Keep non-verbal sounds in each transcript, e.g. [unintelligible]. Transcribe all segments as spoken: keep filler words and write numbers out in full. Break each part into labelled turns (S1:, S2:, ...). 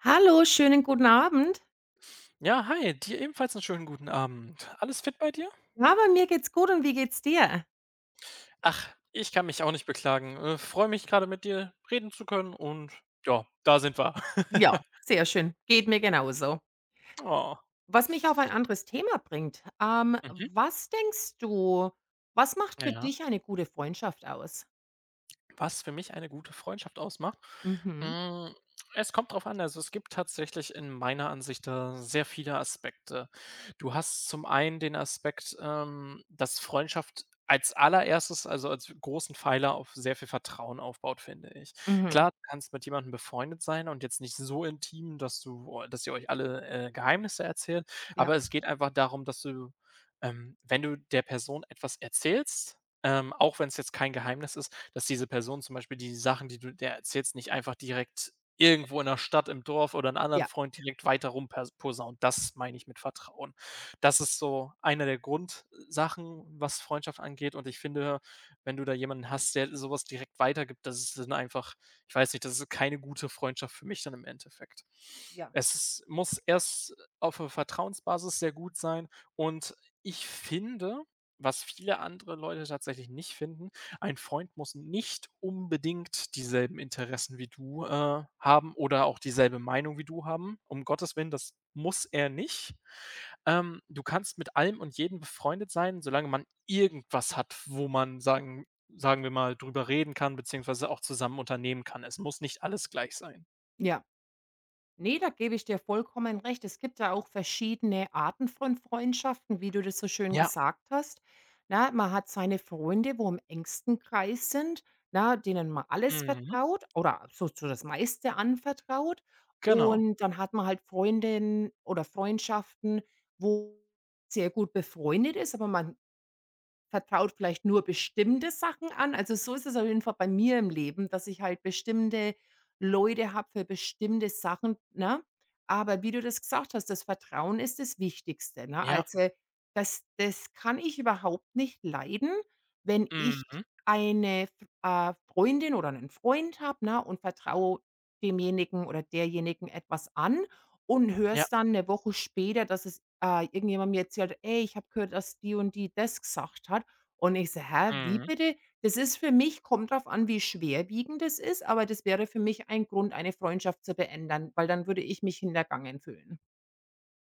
S1: Hallo, schönen, guten Abend.
S2: Ja, hi, dir ebenfalls 'n schönen guten Abend. Alles fit bei dir?
S1: Ja, bei mir geht's gut. Und wie geht's dir?
S2: Ach, ich kann mich auch nicht beklagen. Äh, freue mich gerade mit dir reden zu können und, ja, da sind wir.
S1: Ja,
S2: [laughs]
S1: sehr schön. Geht mir genauso.
S2: Oh.
S1: Was mich auf ein anderes Thema bringt. Ähm,
S2: Mhm.
S1: was denkst du, was macht für
S2: Ja.
S1: dich eine gute Freundschaft aus?
S2: Was für mich eine gute Freundschaft ausmacht?
S1: Mhm.
S2: Hm, es kommt drauf an, also es gibt tatsächlich in meiner Ansicht da sehr viele Aspekte. Du hast zum einen den Aspekt, ähm, dass Freundschaft als allererstes, also, als großen Pfeiler auf sehr viel Vertrauen aufbaut, finde ich.
S1: Mhm.
S2: Klar, du kannst mit jemandem befreundet sein und jetzt nicht so intim, dass du oah, dass ihr euch alle, äh, Geheimnisse erzählt,
S1: Ja.
S2: aber es geht einfach darum, dass du ähm, wenn du der Person etwas erzählst, ähm, auch wenn es jetzt kein Geheimnis ist, dass diese Person zum Beispiel die Sachen, die du der erzählst, nicht einfach direkt irgendwo in der Stadt im Dorf oder 'n anderen
S1: Ja.
S2: Freund direkt weiter rum per posaunt. Das meine ich mit Vertrauen. Das ist so eine der Grundsachen, was Freundschaft angeht und ich finde, wenn du da jemanden hast, der sowas direkt weitergibt, das ist dann einfach, ich weiß nicht das ist keine gute Freundschaft für mich dann im Endeffekt.
S1: Ja.
S2: Es muss erst auf 'ner Vertrauensbasis sehr gut sein. Und ich finde, was viele andere Leute tatsächlich nicht finden, ein Freund muss nicht unbedingt dieselben Interessen wie du, äh, haben oder auch dieselbe Meinung wie du haben. Um Gottes Willen, das muss er nicht. Ähm, du kannst mit allem und jedem befreundet sein, solange man irgendwas hat, wo man sagen sagen wir mal darüber reden kann, beziehungsweise auch zusammen unternehmen kann. Es muss nicht alles gleich sein.
S1: Ja. Ne, da gebe ich dir vollkommen recht. Es gibt da auch verschiedene Arten von Freundschaften, wie du das so schön
S2: Ja.
S1: gesagt hast. Na, man hat seine Freunde, wo im engsten Kreis sind, na, denen man alles
S2: Mhm.
S1: vertraut oder so so das meiste anvertraut,
S2: Genau.
S1: und dann hat man halt Freundinnen oder Freundschaften, wo sehr gut befreundet ist, aber man vertraut vielleicht nur bestimmte Sachen an. Also, so ist es auf jeden Fall bei mir im Leben, dass ich halt bestimmte Leute habe für bestimmte Sachen, ne? Aber wie du das gesagt hast, das Vertrauen ist das Wichtigste, ne?
S2: Ja.
S1: Also, das das kann ich überhaupt nicht leiden, wenn ich
S2: Mhm.
S1: eine, äh, Freundin oder 'nen Freund habe und vertraue demjenigen oder derjenigen etwas an und höre
S2: Ja.
S1: es dann 'ne Woche später, dass es, äh, irgendjemand mir erzählt: „Hey, ich habe gehört, dass die und die das gesagt hat." Und ich so: „Hä? Wie
S2: Mhm.
S1: bitte?" Das ist für mich kommt darauf an, wie schwerwiegend das ist, aber das wäre für mich ein Grund, eine Freundschaft zu beenden, weil dann würde ich mich hintergangen fühlen.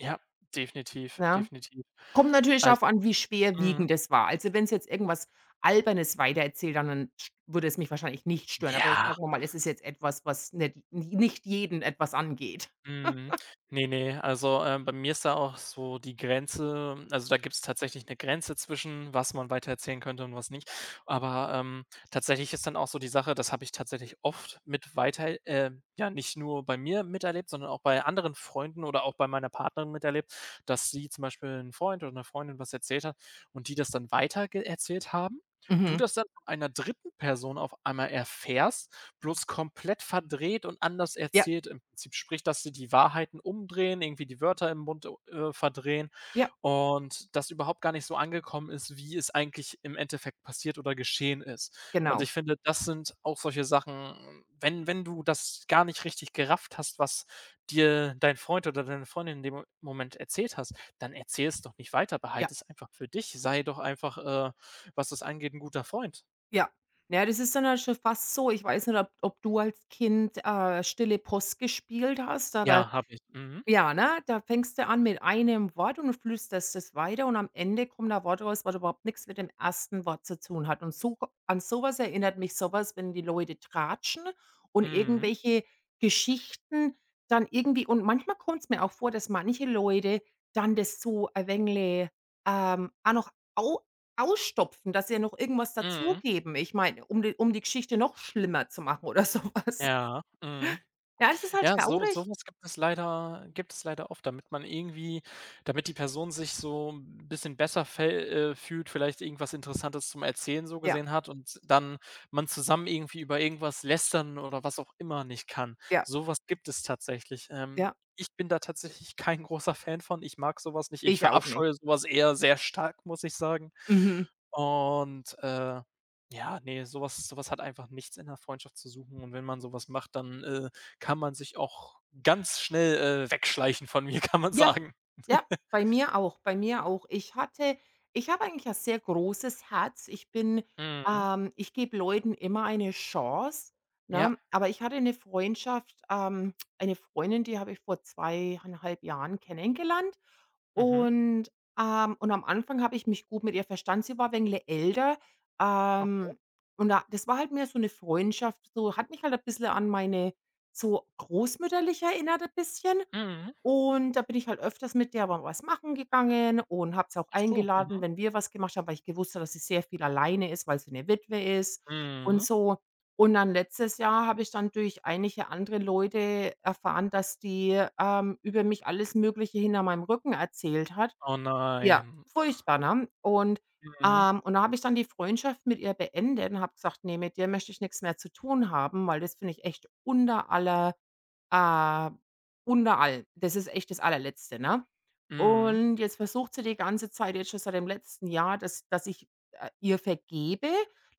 S2: Ja, definitiv,
S1: Ja.
S2: definitiv.
S1: Kommt natürlich
S2: Also
S1: darauf an, wie
S2: mhm.
S1: schwerwiegend das war. Also, wenn sie jetzt irgendwas Albernes weitererzählt haben, dann sch würde es mich wahrscheinlich nicht stören, aber
S2: Ja.
S1: sagen wir mal, es ist jetzt etwas, was nicht ni nicht jeden etwas angeht.
S2: Mhm.
S1: [laughs]
S2: Ne, ne, also, ähm, bei mir ist da auch so die Grenze also, da gibt es tatsächlich 'ne Grenze zwischen, was man weiter erzählen könnte und was nicht. Aber, ähm, tatsächlich ist dann auch so die Sache das habe ich tatsächlich oft mit weiter äh, ja, nicht nur bei mir miterlebt, sondern auch bei anderen Freunden oder auch bei meiner Partnerin miterlebt, dass sie zum Beispiel 'n Freund oder 'ner Freundin was erzählt hat und die das dann weiter ge erzählt haben, du
S1: Mhm.
S2: das dann von einer dritten Person auf einmal erfährst, bloß komplett verdreht und anders
S1: Ja.
S2: erzählt im Prinzip. Sprich, dass sie die Wahrheiten umdrehen, irgendwie die Wörter im Mund u äh, verdrehen.
S1: Ja.
S2: Und das überhaupt gar nicht so angekommen ist, wie es eigentlich im Endeffekt passiert oder geschehen ist. Und
S1: Genau.
S2: ich finde, das sind auch solche Sachen, wenn wenn du das gar nicht richtig gerafft hast, was dir dein Freund oder deine Freundin in dem Mo Moment erzählt hast, dann erzähl es doch nicht weiter.
S1: Ja.
S2: Behalt es einfach für dich. Sei doch einfach, äh, was das angeht, 'n guter Freund.
S1: Ja. Ja, das ist dann halt schon fast so ich weiß nicht, ob ob du als Kind, äh, stille Post gespielt hast, aber
S2: Ja, habe ich. Mhm.
S1: Ja, ne? Da fängst du an mit einem Wort und flüsterst das weiter und am Ende kommt da ein Wort raus, was überhaupt nichts mit dem ersten Wort zu tun hat. Und so an sowas erinnert mich sowas, wenn die Leute tratschen und
S2: Mhm.
S1: irgendwelche Geschichten dann irgendwie und manchmal kommt's mir auch vor, dass manche Leute dann das so ein wenig, ähm, auch noch au ausstopfen, dass sie noch irgendwas
S2: Mhm.
S1: dazugeben. Ich meine, um die um die Geschichte noch schlimmer zu machen oder sowas.
S2: Ja, mhm.
S1: Ja, es ist halt
S2: Ja, so
S1: traurig.
S2: sowas gibt es leider gibt es leider oft, damit man irgendwie damit die Person sich so 'n bisschen besser fä äh, fühlt, vielleicht irgendwas Interessantes zum Erzählen so
S1: Ja.
S2: gesehen hat und dann man zusammen irgendwie über irgendwas lästern oder was auch immer nicht kann.
S1: Ja.
S2: Sowas gibt es tatsächlich. Ähm,
S1: Ja.
S2: ich bin da tatsächlich kein großer Fan von, ich mag sowas nicht. Ich
S1: Ich auch nicht.
S2: verabscheue sowas eher sehr stark, muss ich sagen.
S1: Mhm.
S2: Und, äh, ja, ne, sowas sowas hat einfach nichts in der Freundschaft zu suchen. Und wenn man sowas macht, dann, äh, kann man sich auch ganz schnell, äh, wegschleichen von mir, kann man
S1: Ja,
S2: sagen.
S1: ja,
S2: [chuckles]
S1: bei mir auch, bei mir auch. Ich hatte ich habe eigentlich ein sehr großes Herz. Ich bin
S2: Mhm.
S1: ähm, ich gebe Leuten immer eine Chance,
S2: Ja.
S1: ne? Aber ich hatte 'ne Freundschaft, ähm eine Freundin, die habe ich vor zweieinhalb Jahren kennengelernt
S2: Mhm.
S1: und, ähm und am Anfang habe ich mich gut mit ihr verstanden. Sie war ein wenig älter,
S2: Okay.
S1: ähm, und da das war halt mehr so 'ne Freundschaft, so hat mich halt ein bisschen an meine so, großmütterlich erinnert ein bisschen.
S2: Mhm.
S1: Und da bin ich halt öfters mit der mal was machen gegangen und habe sie auch
S2: Ach so, mhm.
S1: eingeladen, wenn wir was gemacht haben, weil ich gewusst habe, dass sie sehr viel alleine ist, weil sie 'ne Witwe ist und
S2: Mhm.
S1: so. Und dann letztes Jahr habe ich dann durch einige andere Leute erfahren, dass die, ähm, über mich alles Mögliche hinter meinem Rücken erzählt hat.
S2: Oh,
S1: Ja,
S2: nein.
S1: furchtbar, ne? Und,
S2: Mhm.
S1: ähm und da habe ich dann die Freundschaft mit ihr beendet und habe gesagt: „Ne, mit dir möchte ich nichts mehr zu tun haben, weil das finde ich echt unter aller, äh unter all. Das ist echt das Allerletzte.“ Ne?
S2: Mhm.
S1: Und jetzt versucht sie die ganze Zeit jetzt schon seit dem letzten Jahr, dass dass ich, äh, ihr vergebe.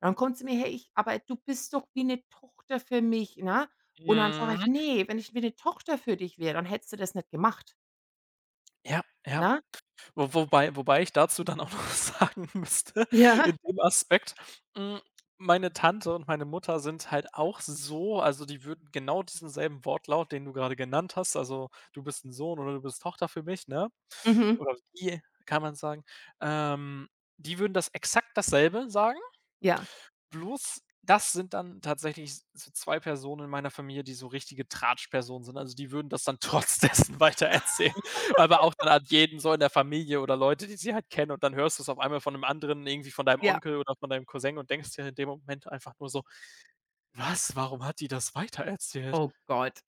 S1: Dann kommt sie mir her, ich „Aber du bist doch wie 'ne Tochter für mich“, ne? Und dann sage ich:
S2: Mhm.
S1: „Ne, wenn ich wie 'ne Tochter für dich wäre, dann hättest du das nicht gemacht.“
S2: Ja, ja.
S1: Na?
S2: Wo wobei wobei ich dazu dann auch noch sagen müsste, in
S1: Ja.
S2: dem Aspekt, hm, meine Tante und meine Mutter sind halt auch so, also die würden genau diesen selben Wortlaut, den du gerade genannt hast, also du bist 'n Sohn oder du bist Tochter für mich, ne?
S1: Mhm.
S2: Oder die kann man sagen, ähm, die würden das exakt dasselbe sagen.
S1: Ja.
S2: Bloß, das sind dann tatsächlich so zwei Personen in meiner Familie, die so richtige Tratschpersonen sind. Also die würden das dann trotz dessen weiter
S1: Lachen.
S2: erzählen, aber auch dann an jeden so in der Familie oder Leute, die sie halt kennen und dann hörst du's auf einmal von 'nem anderen irgendwie von deinem
S1: Ja.
S2: Onkel oder von deinem Cousin und denkst dir in dem Moment einfach nur so: „Was?“ Warum hat die das weiter erzählt?
S1: Oh Gott.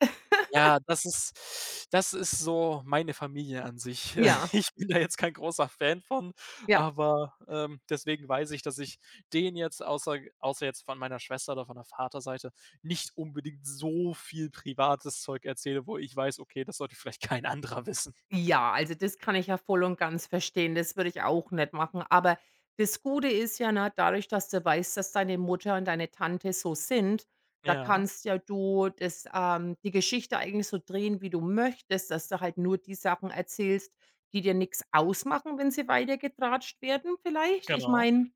S2: Ja,
S1: [laughs]
S2: das ist das ist so meine Familie an sich.
S1: Ja.
S2: ich bin da jetzt kein großer Fan von,
S1: Ja.
S2: aber, ähm, deswegen weiß ich, dass ich denen jetzt außer außer jetzt von meiner Schwester oder von der Vater Seite nicht unbedingt so viel privates Zeug erzähle, wo ich weiß, okay, das sollte vielleicht kein anderer wissen.
S1: Ja, also das kann ich ja voll und ganz verstehen. Das würde ich auch nicht machen. Aber das Gute ist ja na, dadurch, dass du weißt, dass deine Mutter und deine Tante so sind, da
S2: Ja.
S1: kannst ja du das, ähm, die Geschichte eigentlich so drehen, wie du möchtest, dass du halt nur die Sachen erzählst, die dir nichts ausmachen, wenn sie weiter getratscht werden vielleicht. Ich
S2: Genau.
S1: meine,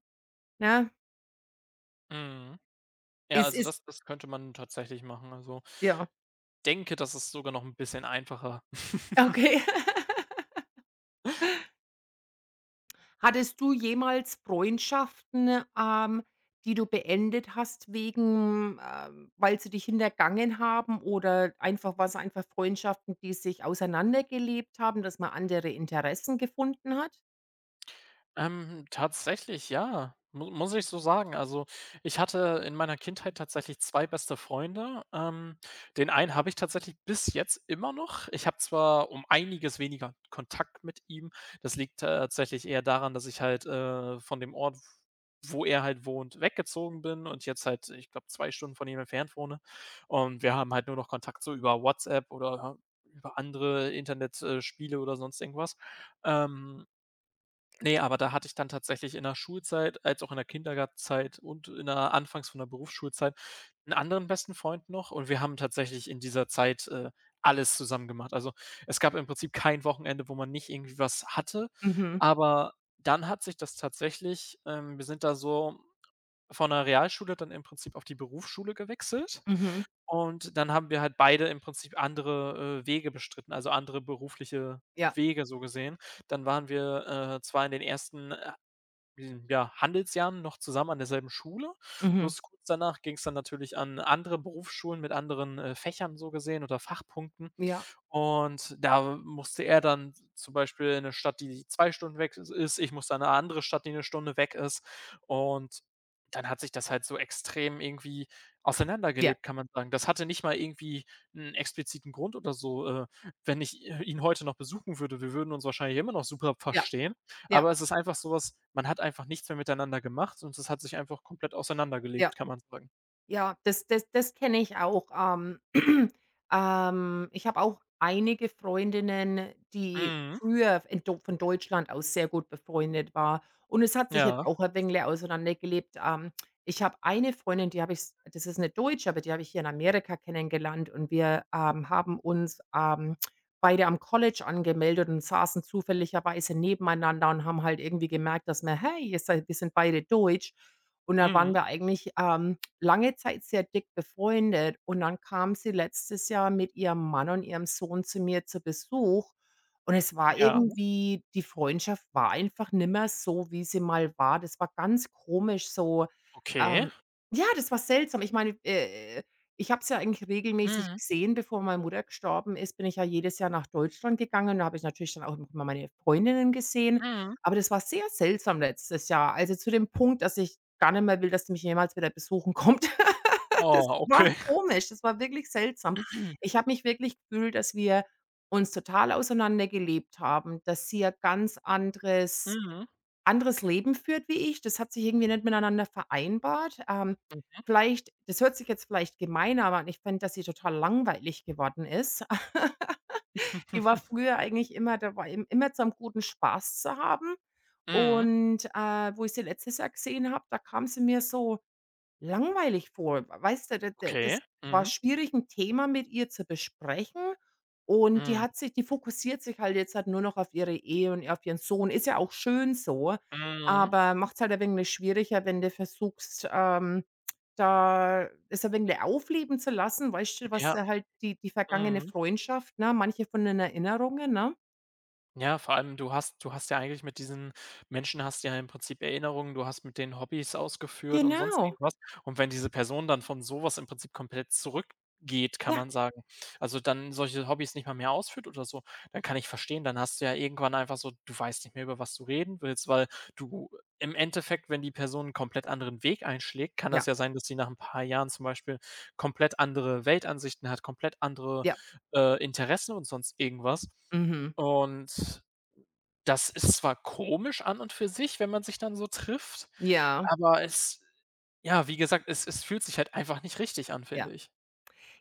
S1: ne?
S2: Mhm. Ja,
S1: Es
S2: also,
S1: ist
S2: das das könnte man tatsächlich machen, also
S1: Ja.
S2: denke, das ist sogar noch 'n bisschen einfacher. [laughs]
S1: Okay. [laughs] Hattest du jemals Freundschaften, ähm, die du beendet hast wegen, äh weil sie dich hintergangen haben oder einfach waren es einfach Freundschaften, die sich auseinandergelebt haben, dass man andere Interessen gefunden hat?
S2: Ähm, tatsächlich, ja, mu muss ich so sagen. Also, ich hatte in meiner Kindheit tatsächlich zwei beste Freunde. Ähm, den einen habe ich tatsächlich bis jetzt immer noch. Ich habe zwar um einiges weniger Kontakt mit ihm, das liegt tatsächlich eher daran, dass ich halt, äh, von dem Ort, w wo er halt wohnt, weggezogen bin und jetzt halt, ich glaube zwei Stunden von ihm entfernt wohne. Und wir haben halt nur noch Kontakt so über WhatsApp oder, äh, über andere Internet, äh, Spiele oder sonst irgendwas. Ähm, ne, aber da hatte ich dann tatsächlich in der Schulzeit, als auch in der Kindergartenzeit und in der anfangs von der Berufsschulzeit 'n anderen besten Freund noch, und wir haben tatsächlich in dieser Zeit, äh, alles zusammen gemacht. Also, es gab im Prinzip kein Wochenende, wo man nicht irgendwie was hatte,
S1: Mhm.
S2: aber dann hat sich das tatsächlich, ähm wir sind da so von der Realschule dann im Prinzip auf die Berufsschule gewechselt.
S1: Mhm.
S2: Und dann haben wir halt beide im Prinzip andere, äh, Wege bestritten, also andere berufliche
S1: Ja.
S2: Wege so gesehen. Dann waren wir, äh, zwar in den ersten, äh, hm, ja Handelsjahren noch zusammen an derselben Schule,
S1: Mhm.
S2: plus kurz danach ging es dann natürlich an andere Berufsschulen mit anderen, äh, Fächern so gesehen oder Fachpunkten.
S1: Ja.
S2: Und da musste er dann zum Beispiel in 'ne Stadt, die zwei Stunden weg i ist. Ich musste dann in 'ne andere Stadt, die 'ne Stunde weg ist. Und dann hat sich das halt so extrem irgendwie
S1: Ja.
S2: auseinandergelebt, kann man sagen. Das hatte nicht mal irgendwie 'n expliziten Grund oder so, äh, wenn ich i ihn heute noch besuchen würde, wir würden uns wahrscheinlich immer noch super
S1: Ja.
S2: verstehen.
S1: Ja.
S2: Aber es ist einfach sowas man hat einfach nichts mehr miteinander gemacht und es hat sich einfach komplett
S1: Ja.
S2: auseinandergelebt, kann man sagen.
S1: Ja, das das das kenne ich auch. Ähm. [clears throat] Ähm, ich habe auch einige Freundinnen, die
S2: Mhm.
S1: früher in Deu von Deutschland aus sehr gut befreundet war. Und es hat sich jetzt
S2: Ja.
S1: auch ein wenig auseinandergelebt. Ähm, ich habe eine Freundin, die habe ich das ist 'ne Deutsche, aber die habe ich hier in Amerika kennengelernt und wir, ähm, haben uns, ähm, beide am College angemeldet und saßen zufälligerweise nebeneinander und haben halt irgendwie gemerkt, dass wir, hey, wir sind wir sind beide Deutsch. Und dann
S2: Mhm.
S1: waren wir eigentlich, ähm, lange Zeit sehr dick befreundet, und dann kam sie letztes Jahr mit ihrem Mann und ihrem Sohn zu mir zu Besuch. Und es war
S2: Ja.
S1: irgendwie die Freundschaft war einfach nicht mehr so, wie sie mal war. Das war ganz komisch so,
S2: Okay.
S1: ähm ja, das war seltsam. Ich meine, äh, äh, ich habe sie ja eigentlich regelmäßig
S2: Mhm.
S1: gesehen. Bevor meine Mutter gestorben ist, bin ich ja jedes Jahr nach Deutschland gegangen, und da habe ich natürlich dann auch immer meine Freundinnen gesehen,
S2: Mhm.
S1: aber das war sehr seltsam letztes Jahr, also zu dem Punkt, dass ich gar nicht mehr will, dass sie mich jemals wieder besuchen kommt. [laughs] Das
S2: Oh,
S1: war
S2: okay.
S1: komisch, das war wirklich seltsam.
S2: [clears throat]
S1: Ich habe mich wirklich gefühlt, dass wir uns total auseinander gelebt haben, dass sie ein ganz anderes
S2: Mhm.
S1: anderes Leben führt wie ich. Das hat sich irgendwie nicht miteinander vereinbart. Ähm,
S2: Mhm.
S1: vielleicht das hört sich jetzt vielleicht gemein an, aber ich fände, dass sie total langweilig geworden ist. [laughs] Die war
S2: [laughs]
S1: früher eigentlich immer da war imm immer zu einem guten Spaß zu haben.
S2: Mhm.
S1: Und, äh, wo ich sie letztes Jahr gesehen habe, da kam sie mir so langweilig vor. W weißt du? D d das
S2: Okay,
S1: war
S2: mhm.
S1: schwierig, 'n Thema mit ihr zu besprechen. Und die
S2: Mhm.
S1: hat sich die fokussiert sich halt jetzt nur noch auf ihre Ehe und auf ihren Sohn. Ist ja auch schön so,
S2: Mhm.
S1: aber macht es halt ein wenig schwieriger, wenn du versuchst, ähm, da es ein wenig aufleben zu lassen, weißt schon, was
S2: Ja.
S1: da halt die die vergangene
S2: Mhm.
S1: Freundschaft ne, manche von den Erinnerungen, ne?
S2: Ja, vor allem du hast du hast ja eigentlich mit diesen Menschen hast du ja im Prinzip Erinnerungen. Du hast mit denen Hobbys ausgeführt und sonst
S1: Genau.
S2: irgendwas. Und wenn diese Person dann von sowas im Prinzip komplett zurückgeht, kann
S1: Ja.
S2: man sagen also dann solche Hobbys nicht mal mehr ausführt oder so, dann kann ich verstehen, dann hast du ja irgendwann einfach so du weißt nicht mehr, über was du reden willst, weil du im Endeffekt, wenn die Person 'n komplett anderen Weg einschlägt, kann das
S1: Ja.
S2: ja sein, dass sie nach ein paar Jahren zum Beispiel komplett andere Weltansichten hat, komplett andere,
S1: Ja.
S2: äh, Interessen und sonst irgendwas
S1: Mhm.
S2: und, das ist zwar komisch an und für sich, wenn man sich dann so trifft,
S1: Ja.
S2: aber es ja wie gesagt, es es fühlt sich halt einfach nicht richtig an, finde
S1: Ja.
S2: ich.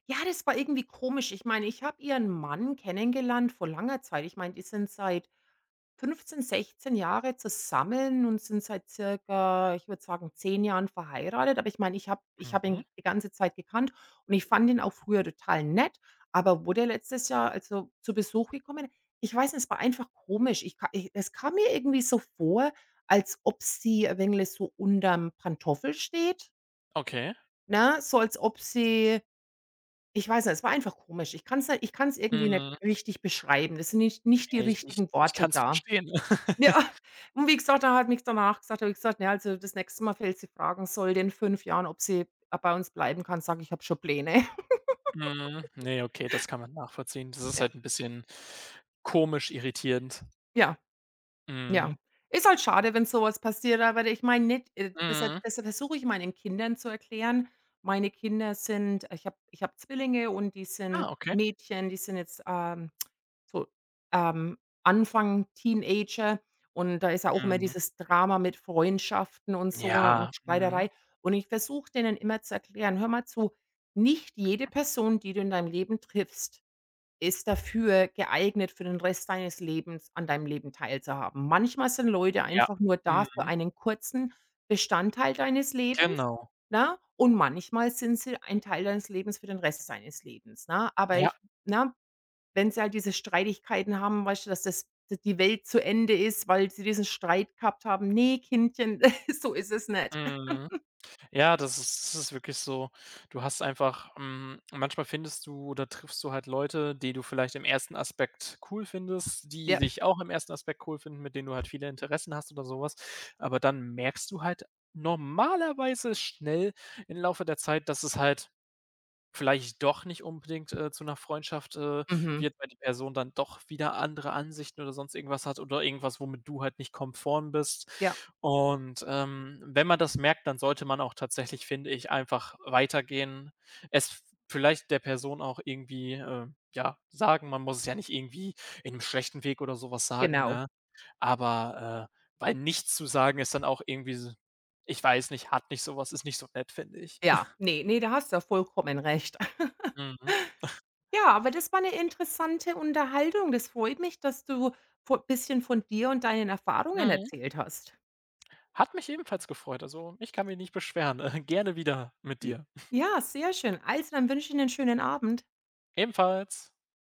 S1: Ja, das war irgendwie komisch. Ich meine, ich habe Ihren Mann kennengelernt vor langer Zeit. Ich meine, die sind seit fünfzehn, sechszehn Jahren zusammen und sind seit circa, ich würde sagen, zehn Jahren verheiratet, aber ich meine, ich habe ich habe
S2: Mhm.
S1: ihn die ganze Zeit gekannt und ich fand ihn auch früher total nett, aber wo der letztes Jahr, also zu Besuch gekommen ich weiß nicht, es war einfach komisch. Ich ka i es kam mir irgendwie so vor, als ob sie ein wenig so unter dem Pantoffel steht.
S2: Okay.
S1: Ne, so als ob sie ich weiß nicht, es war einfach komisch. Ich kann es nicht ich kann es irgendwie nicht
S2: Mhm.
S1: richtig beschreiben. Das sind nicht nicht die
S2: Ne, ich ich
S1: richtigen
S2: ich
S1: Worte
S2: kann es
S1: da.
S2: verstehen.
S1: Ja,
S2: [laughs]
S1: und wie gesagt, da hat nichts danach gesagt da habe ich gesagt, na, also, das nächste Mal, falls sie fragen sollte in fünf Jahren, ob sie, äh, bei uns bleiben kann, sage ich, ich habe schon Pläne.
S2: Mhm, ne, okay, das
S1: [giggles]
S2: kann man nachvollziehen. Das ist
S1: Ja.
S2: halt 'n bisschen komisch, irritierend.
S1: Ja. Ja.
S2: Mhm.
S1: Ist halt schade, wenn sowas passiert, aber ich meine nicht, äh, desha
S2: Mhm.
S1: deshalb versuche ich meinen Kindern zu erklären meine Kinder sind ich habe ich habe Zwillinge, und die sind
S2: Ah, okay.
S1: Mädchen, die sind jetzt, ähm, so, ähm, Anfang Teenager, und da ist ja auch immer
S2: Mhm.
S1: dieses Drama mit Freundschaften und so, ne,
S2: Ja,
S1: und
S2: mhm.
S1: Streiterei. Und ich versuche, denen immer zu erklären: „Hör mal zu, nicht jede
S2: [unintelligible]
S1: Person, die du in deinem Leben triffst, ist dafür geeignet für den Rest deines Lebens an deinem Leben teilzuhaben. Manchmal sind Leute
S2: Ja,
S1: einfach nur da für
S2: mhm.
S1: einen kurzen Bestandteil deines Lebens,
S2: Genau.
S1: ne? Und manchmal sind sie ein Teil deines Lebens für den Rest deines Lebens, ne?“ Aber
S2: Ja.
S1: ich ne, wenn sie halt diese Streitigkeiten haben, weißt schon, dass das die Welt zu Ende ist, weil sie diesen Streit gehabt haben „Ne, Kindchen, [chuckles] so ist es nicht.“
S2: Mhm.
S1: [laughs]
S2: Ja, das ist das ist wirklich so. Du hast einfach, hm manchmal findest du oder triffst du halt Leute, die du vielleicht im ersten Aspekt cool findest, die
S1: Ja.
S2: dich auch im ersten Aspekt cool finden, mit denen du halt viele Interessen hast oder sowas. Aber dann merkst du halt normalerweise schnell im Laufe der Zeit, dass es halt vielleicht doch nicht unbedingt, äh, zu 'ner Freundschaft, äh,
S1: Mhm.
S2: wird, weil die Person dann doch wieder andere Ansichten oder sonst irgendwas hat oder irgendwas, womit du halt nicht konform bist.
S1: Ja.
S2: Und, ähm, wenn man das merkt, dann sollte man auch tatsächlich, finde ich einfach weitergehen, es vielleicht der Person auch irgendwie, ähm, ja sagen, man muss es ja nicht irgendwie in 'nem schlechten Weg oder sowas sagen,
S1: Genau.
S2: ne? Aber, äh, weil nichts zu sagen ist dann auch irgendwie s ich weiß nicht, hat nicht sowas, ist nicht so nett, finde ich.
S1: Ja.
S2: [chuckles]
S1: Ne, ne, da hast du ja vollkommen recht. [laughs]
S2: Mhm. [chuckles]
S1: Ja, aber das war 'ne interessante Unterhaltung. Das freut mich, dass du vo bisschen von dir und deinen Erfahrungen
S2: Mhm.
S1: erzählt hast.
S2: Hat mich ebenfalls gefreut. Also, ich kann mich nicht beschweren. [chuckles] Gerne wieder mit
S1: J
S2: dir. [chuckles]
S1: Ja, sehr schön. Also, dann wünsche ich 'nen schönen Abend.
S2: Ebenfalls.